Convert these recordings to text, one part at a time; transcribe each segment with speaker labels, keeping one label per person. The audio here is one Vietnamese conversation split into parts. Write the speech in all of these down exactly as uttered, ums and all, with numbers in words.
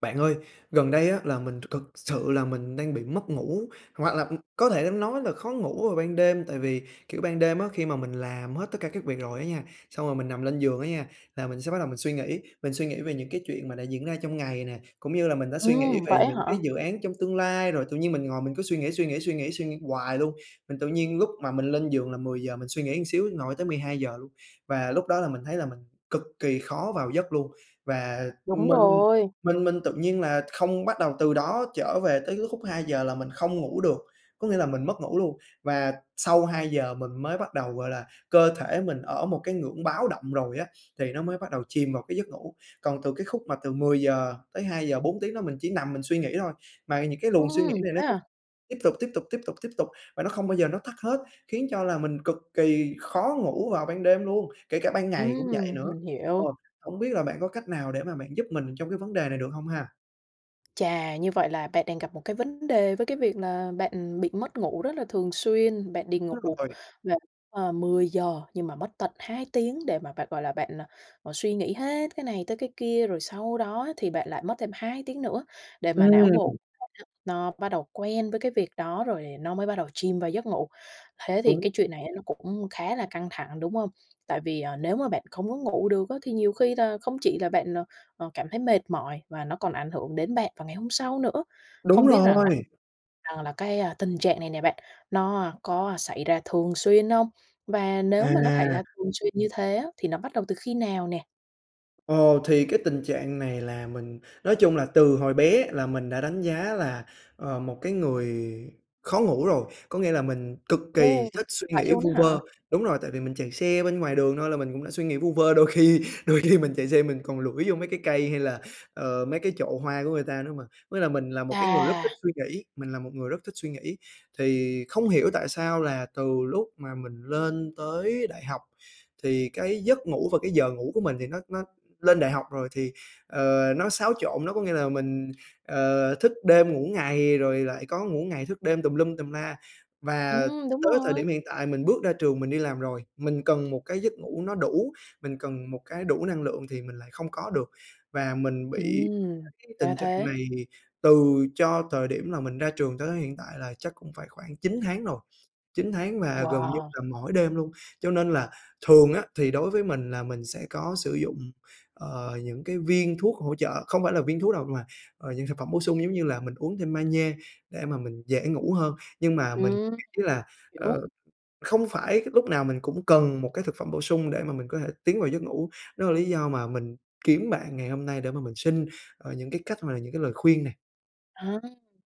Speaker 1: Bạn ơi, gần đây á là mình th thực sự là mình đang bị mất ngủ hoặc là, ừm, có thể nói là khó ngủ vào ban đêm. Tại vì, kiểu, ban đêm á khi mà mình làm hết tất cả các việc rồi á nha, xong rồi mình nằm lên giường á nha là mình sẽ bắt đầu mình suy nghĩ, mình suy nghĩ về những cái chuyện mà đã diễn ra trong ngày nè, cũng như là mình đã suy nghĩ
Speaker 2: Ừm,
Speaker 1: về
Speaker 2: vậy á
Speaker 1: những cái
Speaker 2: hả?
Speaker 1: dự án trong tương lai, rồi tự nhiên mình ngồi mình cứ suy nghĩ, suy nghĩ, suy nghĩ, suy nghĩ hoài luôn. Mình tự nhiên lúc mà mình lên giường là mười giờ mình suy nghĩ một xíu ngồi tới mười hai giờ luôn. Và lúc đó là mình thấy là mình cực kỳ khó vào giấc luôn và
Speaker 2: Đúng
Speaker 1: mình
Speaker 2: rồi!
Speaker 1: mình mình tự nhiên là không bắt đầu từ đó trở về tới cái khúc hai giờ là mình không ngủ được, có nghĩa là mình mất ngủ luôn và sau hai giờ mình mới bắt đầu, gọi là, cơ thể mình ở một cái ngưỡng báo động rồi á, thì nó mới bắt đầu chìm vào cái giấc ngủ. Còn từ cái khúc mà từ mười giờ tới hai giờ, bốn tiếng đó mình chỉ nằm mình suy nghĩ thôi, mà những cái luồng suy nghĩ
Speaker 2: Ừm,
Speaker 1: này nó
Speaker 2: thế
Speaker 1: cứ
Speaker 2: à?
Speaker 1: tiếp tục, tiếp tục, tiếp tục, tiếp tục và nó không bao giờ nó tắt hết, khiến cho là mình cực kỳ khó ngủ vào ban đêm luôn, kể cả ban ngày cũng vậy
Speaker 2: Ừm,
Speaker 1: nữa.
Speaker 2: mình
Speaker 1: Ờ,
Speaker 2: hiểu.
Speaker 1: hổng biết là bạn có cách nào để mà bạn giúp mình trong cái vấn đề này được hông ha?
Speaker 2: Chà, như vậy là bạn đang gặp một cái vấn đề với cái việc là bạn bị mất ngủ rất là thường xuyên, bạn đi ngủ
Speaker 1: Đúng rồi.
Speaker 2: là, à, mười giờ nhưng mà mất tận hai tiếng để mà bạn, gọi là, bạn suy nghĩ hết cái này tới cái kia, rồi sau đó thì bạn lại mất thêm hai tiếng nữa để mà não bộ
Speaker 1: Ừm.
Speaker 2: nó bắt đầu quen với cái việc đó rồi nó mới bắt đầu chìm vào giấc ngủ. Thế thì
Speaker 1: Đúng
Speaker 2: cái chuyện này nó cũng khá là căng thẳng, đúng hông? Tại vì, ờ, nếu mà bạn không có ngủ được á thì nhiều khi là không chỉ là bạn, ờ, ờ, cảm thấy mệt mỏi và nó còn ảnh hưởng đến bạn vào ngày hôm sau nữa.
Speaker 1: Đúng
Speaker 2: Không biết rằng là
Speaker 1: rồi!
Speaker 2: rằng là cái tình trạng này nè bạn nó có xảy ra thường xuyên hông? Và nếu mà nó xảy
Speaker 1: À!
Speaker 2: ra thường xuyên như thế á, thì nó bắt đầu từ khi nào nè?
Speaker 1: Ờ, thì cái tình trạng này là mình nói chung là từ hồi bé là mình đã đánh giá là, ờ, một cái người khó ngủ rồi, có nghĩa là mình cực
Speaker 2: Ừ,
Speaker 1: kỳ thích suy
Speaker 2: vậy
Speaker 1: nghĩ
Speaker 2: luôn
Speaker 1: vu
Speaker 2: á
Speaker 1: vơ.
Speaker 2: hả?
Speaker 1: Đúng rồi, tại vì mình chạy xe bên ngoài đường thôi là mình cũng đã suy nghĩ vu vơ, đôi khi đôi khi mình chạy xe mình còn lủi vô mấy cái cây hay là, ờ, mấy cái chậu hoa của người ta nữa mà. Với lại mình là một cái người rất thích
Speaker 2: Chà!
Speaker 1: suy nghĩ mình là một người rất thích suy nghĩ. Thì không hiểu tại sao là từ lúc mà mình lên tới đại học thì cái giấc ngủ và cái giờ ngủ của mình thì nó nó lên đại học rồi thì, ờ, nó xáo trộn, nó có nghĩa là mình, ờ, thức đêm ngủ ngày rồi lại có ngủ ngày thức đêm tùm lum tùm la. Và
Speaker 2: Ừm, đúng
Speaker 1: tới thời
Speaker 2: rồi!
Speaker 1: điểm hiện tại mình bước ra trường mình đi làm rồi, mình cần một cái giấc ngủ nó đủ, mình cần một cái đủ năng lượng thì mình lại không có được. Và mình bị
Speaker 2: Ừm!
Speaker 1: cái
Speaker 2: Ra
Speaker 1: tình trạng
Speaker 2: thế.
Speaker 1: này từ cho thời điểm là mình ra trường tới hiện tại là chắc cũng phải khoảng chín tháng rồi, chín tháng và gần như
Speaker 2: Wow!
Speaker 1: là mỗi đêm luôn. Cho nên là thường á thì đối với mình là mình sẽ có sử dụng, ờ, những cái viên thuốc hỗ trợ không phải là viên thuốc đâu mà, ờ, dạng thực phẩm bổ sung giống như là mình uống thêm magie để mà mình dễ ngủ hơn. Nhưng mà mình
Speaker 2: Ừm,
Speaker 1: nghĩ là,
Speaker 2: hiểu.
Speaker 1: ờ, không phải lúc nào mình cũng cần một cái thực phẩm bổ sung để mà mình có thể tiến vào giấc ngủ, đó là lý do mà mình kiếm bạn ngày hôm nay để mà mình xin, ờ, những cái cách hoặc là những cái lời khuyên nè.
Speaker 2: À,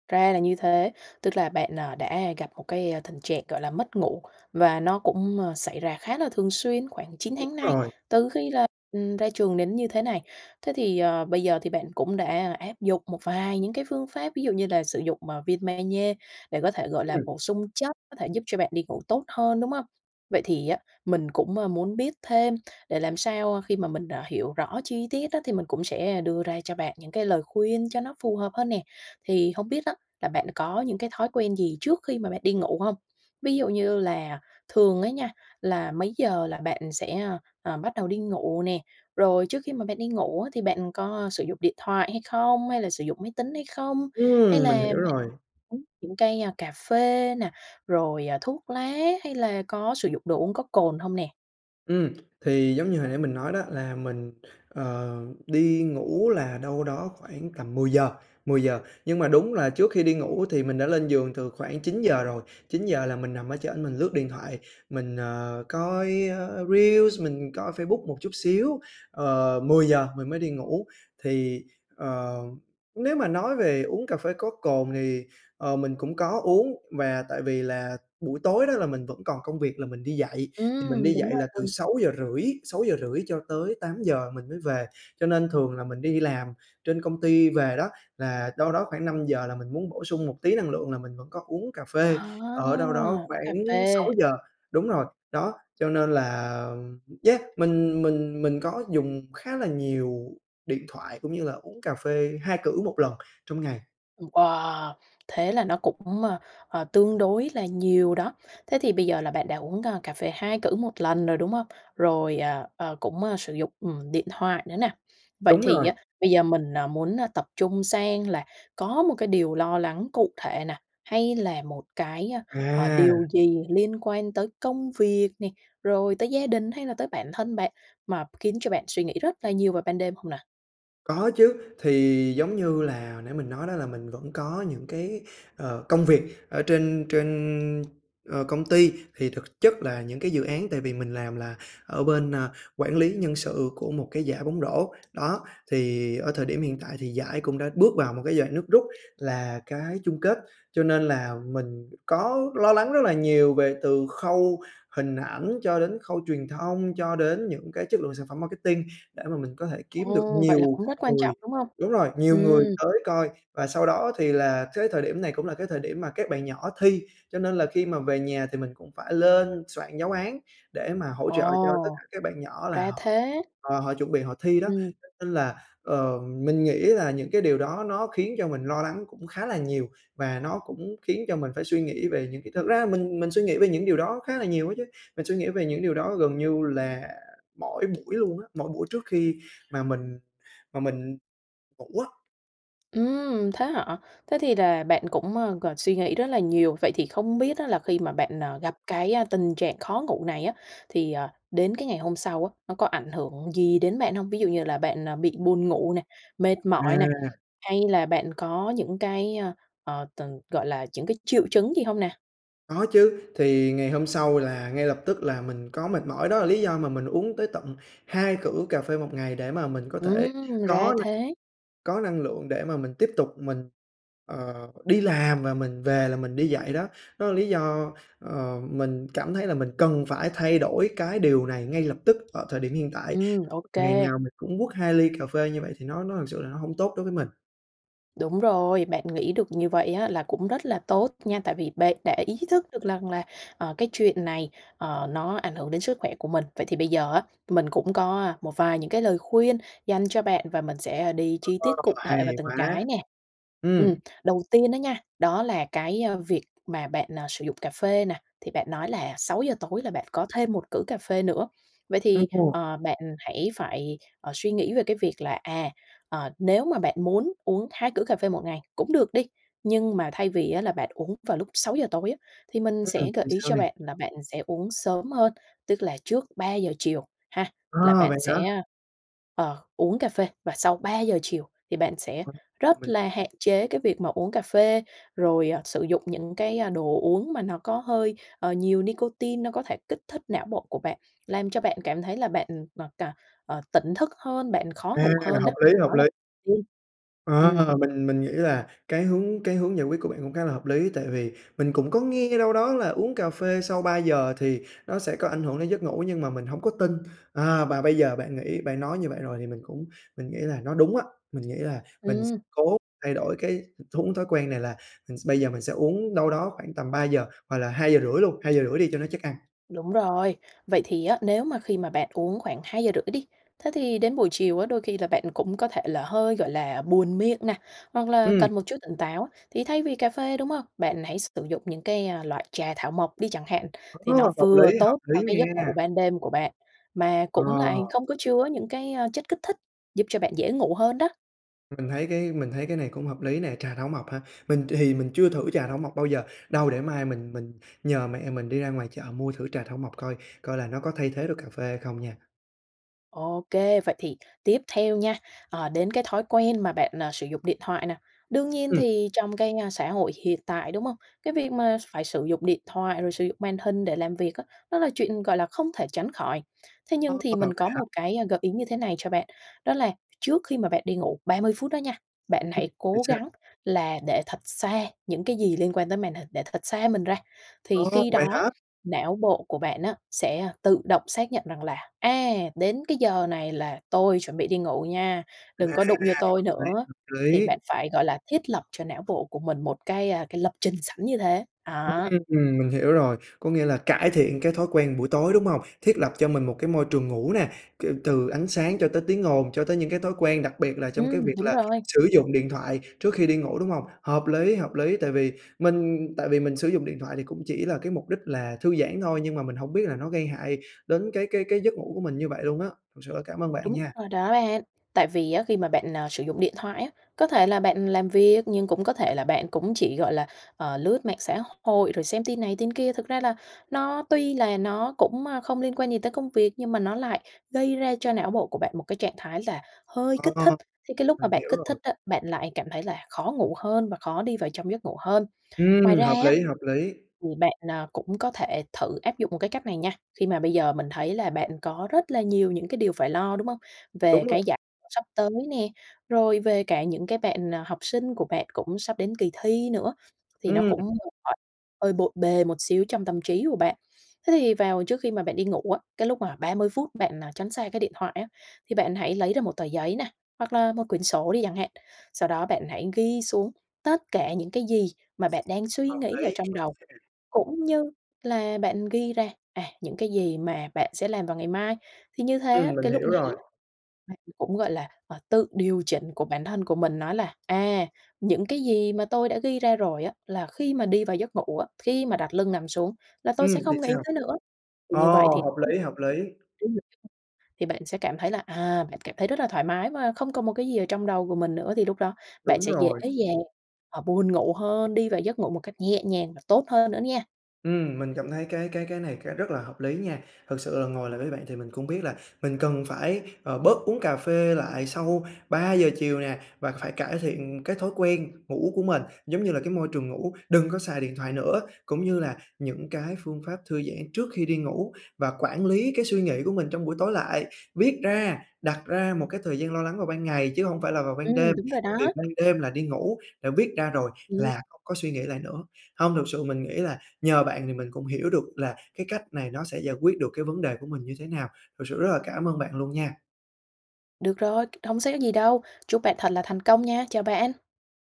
Speaker 2: ra là như thế, tức là bạn, à, đã gặp, a, một cái tình trạng, gọi là, mất ngủ, và nó cũng, ờ, xảy ra khá là thường xuyên khoảng chín
Speaker 1: Đúng
Speaker 2: tháng nay,
Speaker 1: rồi.
Speaker 2: từ khi là, ừm, ra trường đến như thế này. Thế thì, ờ, bây giờ thì bạn cũng đã, a, áp dụng một vài những cái phương pháp ví dụ như là sử dụng, à, viên ma nhê để có thể, gọi là,
Speaker 1: Ừm.
Speaker 2: bổ sung chất, có thể giúp cho bạn đi ngủ tốt hơn, đúng hông? Vậy thì á, mình cũng, a, muốn biết thêm để làm sao, ơ, khi mà mình, ờ, hiểu rõ chi tiết á thì mình cũng sẽ đưa ra cho bạn những cái lời khuyên cho nó phù hợp hơn nè. Thì hông biết á, là bạn có những cái thói quen gì trước khi mà bạn đi ngủ hông? Ví dụ như là thường á nha, là mấy giờ là bạn sẽ, ơ, ờ, bắt đầu đi ngủ nè? Rồi trước khi mà bạn đi ngủ á, thì bạn có sử dụng điện thoại hay không, hay là sử dụng máy tính hay không? Hay
Speaker 1: Ừm, mình
Speaker 2: là
Speaker 1: hiểu rồi.
Speaker 2: uống những cái, a, cà phê nè, rồi, à, thuốc lá hay là có sử dụng đồ uống có cồn hông nè?
Speaker 1: Ừm, thì giống như hồi nãy mình nói đó là mình, ờ, đi ngủ là đâu đó khoảng tầm mười giờ, mười giờ nhưng mà đúng là trước khi đi ngủ thì mình đã lên giường từ khoảng chín giờ rồi, chín giờ là mình nằm ở trển mình lướt điện thoại, mình, ờ, coi, ơ, reels, mình coi Facebook một chút xíu. Ờ, mười giờ mình mới đi ngủ thì, ờ, nếu mà nói về uống cà phê có cồn, thì, ờ, mình cũng có uống và tại vì là buổi tối đó là mình vẫn còn công việc là mình đi dạy, thì mình
Speaker 2: Ừm,
Speaker 1: đi
Speaker 2: đúng
Speaker 1: dạy là từ
Speaker 2: rồi.
Speaker 1: sáu giờ rưỡi, sáu giờ rưỡi cho tới tám giờ mình mới về, cho nên thường là mình đi làm trên công ty về đó là đâu đó khoảng năm giờ là mình muốn bổ sung một tí năng lượng là mình vẫn có uống cà phê,
Speaker 2: À,
Speaker 1: ở đâu đó
Speaker 2: uống cà
Speaker 1: khoảng
Speaker 2: phê.
Speaker 1: sáu giờ. Đúng rồi, đó, cho nên là yeah, mình mình mình có dùng khá là nhiều điện thoại, cũng như là uống cà phê hai cữ một lần trong ngày.
Speaker 2: Ừm, wow! Thế là nó cũng, ơ, ờ, tương đối là nhiều đó. Thế thì bây giờ là bạn đã uống, a, cà phê hai cữ một lần rồi, đúng không? Rồi, ờ, ờ, cũng sử dụng, ừm, điện thoại nữa nè. Vậy
Speaker 1: Đúng
Speaker 2: thì
Speaker 1: rồi.
Speaker 2: á, bây giờ mình, ờ, muốn, ơ, tập trung sang là có một cái điều lo lắng cụ thể nè, hay là một cái, ơ, ờ,
Speaker 1: À!
Speaker 2: điều gì liên quan tới công việc nè, rồi tới gia đình hay là tới bản thân bạn mà khiến cho bạn suy nghĩ rất là nhiều vào ban đêm hông nè?
Speaker 1: Có chứ, thì giống như là nãy mình nói đó là mình vẫn có những cái, ờ, công việc ở trên trên, ờ, công ty. Thì thực chất là những cái dự án tại vì mình làm là ở bên, a, quản lý nhân sự của một cái giải bóng rổ, đó. Thì ở thời điểm hiện tại thì giải cũng đã bước vào một cái giai đoạn nước rút là cái chung kết, cho nên là mình có lo lắng rất là nhiều, về từ khâu hình ảnh cho đến khâu truyền thông, cho đến những cái chất lượng sản phẩm marketing để mà mình có thể kiếm được
Speaker 2: Ồ! Vậy là
Speaker 1: nhiều
Speaker 2: cũng rất quan
Speaker 1: người
Speaker 2: trọng, đúng hông?
Speaker 1: đúng rồi, nhiều người
Speaker 2: Ừm.
Speaker 1: tới coi. Và sau đó thì là thới thời điểm này cũng là cái thời điểm mà các bạn nhỏ thi, cho nên là khi mà về nhà thì mình cũng phải lên soạn giáo án để mà hỗ trợ cho tất cả
Speaker 2: Ồ!
Speaker 1: các bạn nhỏ, là
Speaker 2: Ra
Speaker 1: họ
Speaker 2: thế.
Speaker 1: họ họ chuẩn bị họ thi đó.
Speaker 2: Ừm.
Speaker 1: Nên là, ờ, mình nghĩ là những cái điều đó nó khiến cho mình lo lắng cũng khá là nhiều, và nó cũng khiến cho mình phải suy nghĩ về những cái thực ra mình mình suy nghĩ về những điều đó khá là nhiều ấy chứ, mình suy nghĩ về những điều đó gần như là mỗi buổi luôn á, mỗi buổi trước khi mà mình mà mình ngủ á.
Speaker 2: Ừm, thế hả? Thế thì là bạn cũng, ơ, còn suy nghĩ rất là nhiều. Vậy thì không biết á là khi mà bạn, ờ, gặp cái, ơ, tình trạng khó ngủ này á, thì, ờ, đến cái ngày hôm sau á, nó có ảnh hưởng gì đến bạn hông? Ví dụ như là bạn, à, bị buồn ngủ nè, mệt mỏi nè,
Speaker 1: À.
Speaker 2: hay là bạn có những cái ơ, ờ, từng gọi là, chững cái triệu chứng gì hông nè?
Speaker 1: Có chứ, thì ngày hôm sau là ngay lập tức là mình có mệt mỏi, đó là lý do mà mình uống tới tận hai cữ cà phê một ngày, để mà mình có thể
Speaker 2: Ừm, ra
Speaker 1: có na
Speaker 2: thế!
Speaker 1: có năng lượng để mà mình tiếp tục mình, ờ, đi làm và mình về là mình đi dạy đó. Đó là lý do, ờ, mình cảm thấy là mình cần phải thay đổi cái điều này ngay lập tức ở thời điểm hiện tại,
Speaker 2: Ừm, ô
Speaker 1: ngày
Speaker 2: kê.
Speaker 1: nào mình cũng quất hai ly cà phê như vậy thì nó nó thực sự là nó hông tốt đối với mình.
Speaker 2: Đúng rồi, bạn nghĩ được như vậy á là cũng rất là tốt nha, tại vì bạn đã ý thức được rằng là, ờ, cái chuyện này, ờ, nó ảnh hưởng đến sức khỏe của mình. Vậy thì bây giờ á, mình cũng có, a, một vài những cái lời khuyên dành cho bạn và mình sẽ, ơ, đi
Speaker 1: [unintelligible]
Speaker 2: chi
Speaker 1: Ờ,
Speaker 2: tiết cụ thể vào
Speaker 1: hay
Speaker 2: từng
Speaker 1: quá!
Speaker 2: cái nè. Ừm,
Speaker 1: Ừm.
Speaker 2: đầu tiên á nha, đó là cái, a, việc mà bạn, à, sử dụng cà phê nè, thì bạn nói là sáu giờ tối là bạn có thêm một cữ cà phê nữa, vậy
Speaker 1: Ưm,
Speaker 2: thì,
Speaker 1: ồ.
Speaker 2: ờ, bạn hãy phải, ờ, suy nghĩ về cái việc là, à, ờ, nếu mà bạn muốn uống hai cữ cà phê một ngày cũng được đi, nhưng mà thay vì á, là bạn uống vào lúc sáu giờ tối á, thì mình
Speaker 1: Ừm,
Speaker 2: sẽ gợi
Speaker 1: thì
Speaker 2: ý
Speaker 1: sao
Speaker 2: cho
Speaker 1: nè?
Speaker 2: bạn là bạn sẽ uống sớm hơn. Tức là trước ba giờ chiều ha, là
Speaker 1: Ờ,
Speaker 2: bạn
Speaker 1: vậy hả?
Speaker 2: sẽ, ờ, uống cà phê và sau ba giờ chiều thì bạn sẽ
Speaker 1: [unintelligible] Mà
Speaker 2: rất
Speaker 1: mình
Speaker 2: là
Speaker 1: [unintelligible]
Speaker 2: hạn chế cái việc mà uống cà phê, rồi, ờ, sử dụng những cái, a, đồ uống mà nó có hơi, ờ, nhiều nicotine, nó có thể kích thích não bộ của bạn, làm cho bạn cảm thấy là bạn ừm, mà cà ờ, tỉnh thức hơn, bạn khó
Speaker 1: À,
Speaker 2: ngủ hơn
Speaker 1: hợp
Speaker 2: á.
Speaker 1: lý,
Speaker 2: Đó
Speaker 1: hợp lý!
Speaker 2: là [unintelligible] ừm.
Speaker 1: Ờ, mình mình nghĩ là cái hướng cái hướng giải quyết của bạn cũng khá là hợp lý, tại vì mình cũng có nghe đâu đó là uống cà phê sau ba giờ thì nó sẽ có ảnh hưởng đến giấc ngủ nhưng mà mình hông có tin. À, và bây giờ bạn nghĩ bạn nói như vậy rồi thì mình cũng mình nghĩ là nó đúng á, mình nghĩ là mình s
Speaker 2: Ừm.
Speaker 1: cố thay đổi cái thuống thói quen này là, ừm, s bây giờ mình sẽ uống đâu đó khoảng tầm ba giờ hoặc là hai giờ rưỡi luôn, hai giờ rưỡi đi cho nó chắc ăn.
Speaker 2: Đúng rồi. Vậy thì á, nếu mà khi mà bạn uống khoảng hai giờ rưỡi đi, thế thì đến buổi chiều á, đôi khi là bạn cũng có thể là hơi, gọi là, buồn miệng nè, hoặc là
Speaker 1: Ừm.
Speaker 2: cần một chút tỉnh táo thì thay vì cà phê, đúng hông, bạn hãy sử dụng những cái, a, loại trà thảo mộc đi chẳng hạn, thì
Speaker 1: Ô,
Speaker 2: nó
Speaker 1: hợp
Speaker 2: vừa
Speaker 1: lý, hợp
Speaker 2: tốt cho
Speaker 1: lý
Speaker 2: cái giấc
Speaker 1: nha!
Speaker 2: ngủ ban đêm của bạn, mà
Speaker 1: Ờ.
Speaker 2: cũng lại không có chứa những cái, a, chất kích thích giúp cho bạn dễ ngủ hơn đó.
Speaker 1: Mình thấy cái mình thấy cái này cũng hợp lý nè, trà thảo mộc hả? Mình thì mình chưa thử trà thảo mộc bao giờ, đâu để mai mình mình nhờ mẹ mình đi ra ngoài chợ mua thử trà thảo mộc coi, coi là nó có thay thế được cà phê hay không nha.
Speaker 2: Ô kê, vậy thì tiếp theo nha, ờ, đến cái thói quen mà bạn, ờ, sử dụng điện thoại nè. Đương nhiên
Speaker 1: Ừm.
Speaker 2: thì trong cái, a, xã hội hiện tại, đúng hông? Cái việc mà phải sử dụng điện thoại, rồi sử dụng màn hình để làm việc á, nó là chuyện, gọi là, không thể tránh khỏi. Thế nhưng
Speaker 1: Ơ,
Speaker 2: thì mình
Speaker 1: [unintelligible] vậy
Speaker 2: có
Speaker 1: hả?
Speaker 2: một cái gợi ý như thế này cho bạn, đó là trước khi mà bạn đi ngủ ba mươi phút đó nha, bạn
Speaker 1: Ưm,
Speaker 2: hãy
Speaker 1: vậy
Speaker 2: cố
Speaker 1: sao?
Speaker 2: gắng là để thật xa những cái gì liên quan tới màn hình, để thật xa mình ra.
Speaker 1: Ờ,
Speaker 2: Thì khi
Speaker 1: vậy
Speaker 2: đó
Speaker 1: hả?
Speaker 2: não bộ của bạn á sẽ tự động xác nhận rằng là "A! Đến cái giờ này là tôi chuẩn bị đi ngủ nha,
Speaker 1: À,
Speaker 2: đừng có đụng vô tôi
Speaker 1: hợp lý,
Speaker 2: nữa."
Speaker 1: hợp
Speaker 2: thì
Speaker 1: lý.
Speaker 2: bạn phải, gọi là, thiết lập cho não bộ của mình một cái, a, cái lập trình sẵn như thế, đó.
Speaker 1: Ừm, mình hiểu rồi, có nghĩa là cải thiện cái thói quen buổi tối, đúng hông? Thiết lập cho mình một cái môi trường ngủ nè, kiểu, từ ánh sáng cho tới tiếng ồn, cho tới những cái thói quen, đặc biệt là trong cái
Speaker 2: Ừm,
Speaker 1: việc
Speaker 2: đúng
Speaker 1: là
Speaker 2: rồi.
Speaker 1: sử dụng điện thoại trước khi đi ngủ, đúng hông? Hợp lý, hợp lý, tại vì mình tại vì mình sử dụng điện thoại thì cũng chỉ là cái mục đích là thư giãn thôi, nhưng mà mình hổng biết là nó gây hại đến cái cái cái giấc ngủ của mình như vậy luôn á. Thật sự là cảm ơn bạn
Speaker 2: Đúng
Speaker 1: nha.
Speaker 2: rồi đó ạn. Tại vì á khi mà bạn, à, sử dụng điện thoại á, có thể là bạn làm việc, nhưng cũng có thể là bạn cũng chỉ, gọi là, ờ, lướt mạng xã hội rồi xem tin này tin kia. Thực ra là nó tuy là nó cũng, a, không liên quan gì tới công việc, nhưng mà nó lại gây ra cho não bộ của bạn một cái trạng thái là hơi kích
Speaker 1: Ờ,
Speaker 2: thích, thì cái lúc mà
Speaker 1: mình
Speaker 2: bạn
Speaker 1: hiểu
Speaker 2: kích thích
Speaker 1: rồi.
Speaker 2: á, bạn lại cảm thấy là khó ngủ hơn và khó đi vào trong giấc ngủ hơn. Ngoài
Speaker 1: Ừm,
Speaker 2: ra
Speaker 1: hợp
Speaker 2: á,
Speaker 1: lý, hợp lý.
Speaker 2: thì bạn, à, cũng có thể thử áp dụng một cái cách này nha, khi mà bây giờ mình thấy là bạn có rất là nhiều những cái điều phải lo, đúng hông? Về
Speaker 1: Đúng
Speaker 2: cái
Speaker 1: rồi.
Speaker 2: giả [unintelligible] sắp tới nè, rồi về cả những cái bạn, à, học sinh của bạn cũng sắp đến kỳ thi nữa, thì nó
Speaker 1: Ừm.
Speaker 2: cũng [unintelligible] hơi bộn bề một xíu trong tâm trí của bạn. Thế thì vào trước khi mà bạn đi ngủ á, cái lúc mà ba mươi phút bạn, à, tránh xa cái điện thoại á, thì bạn hãy lấy ra một tờ giấy nà, hoặc là một quyển sổ đi chẳng hạn, sau đó bạn hãy ghi xuống tất cả những cái gì mà bạn đang suy
Speaker 1: Hợp
Speaker 2: nghĩ ở
Speaker 1: lý
Speaker 2: trong
Speaker 1: luôn
Speaker 2: đầu,
Speaker 1: nha.
Speaker 2: cũng như là bạn ghi ra, à, những cái gì mà bạn sẽ làm vào ngày mai. Thì như thế
Speaker 1: Ừm,
Speaker 2: á,
Speaker 1: mình
Speaker 2: cái lúc
Speaker 1: hiểu rồi.
Speaker 2: này á bạn cũng, gọi là, à, tự điều chỉnh của bản thân của mình nó là: "À, những cái gì mà tôi đã ghi ra rồi á, là khi mà đi vào giấc ngủ á, khi mà đặt lưng nằm xuống là tôi
Speaker 1: Ừm,
Speaker 2: sẽ
Speaker 1: thì
Speaker 2: không nghĩ
Speaker 1: sao?
Speaker 2: tới nữa." Thì
Speaker 1: Ờ,
Speaker 2: như vậy thì
Speaker 1: hợp lý, hợp lý.
Speaker 2: [unintelligible] thì bạn sẽ cảm thấy là, à, bạn cảm thấy rất là thoải mái mà không còn một cái gì ở trong đầu của mình nữa thì lúc đó bạn
Speaker 1: Đúng
Speaker 2: sẽ dễ
Speaker 1: rồi.
Speaker 2: dàng, à, buồn ngủ hơn, đi vào giấc ngủ một cách nhẹ nhàng và tốt hơn nữa nha.
Speaker 1: Ừm, mình cảm thấy cái cái cái này cái rất là hợp lý nha. Thực sự là ngồi lại với bạn thì mình cũng biết là mình cần phải, ờ, bớt uống cà phê lại sau ba giờ chiều nè và phải cải thiện cái thói quen ngủ của mình, giống như là, cái môi trường ngủ, đừng có xài điện thoại nữa. Cũng như là những cái phương pháp thư giãn trước khi đi ngủ, và quản lý cái suy nghĩ của mình trong buổi tối lại, viết ra, đặt ra một cái thời gian lo lắng vào ban ngày chứ hông phải là vào ban
Speaker 2: Ừm,
Speaker 1: đêm,
Speaker 2: đúng rồi
Speaker 1: tại vì
Speaker 2: đó.
Speaker 1: ban đêm là đi ngủ, đã viết ra rồi
Speaker 2: Ừm.
Speaker 1: là không có suy nghĩ lại nữa. Hông, thực sự mình nghĩ là nhờ bạn thì mình cũng hiểu được là cái cách này nó sẽ giải quyết được cái vấn đề của mình như thế nào, thực sự rất là cảm ơn bạn luôn nha!
Speaker 2: Được rồi, c không sẽ gì đâu. Chúc bạn thật là thành công nha, chào bạn!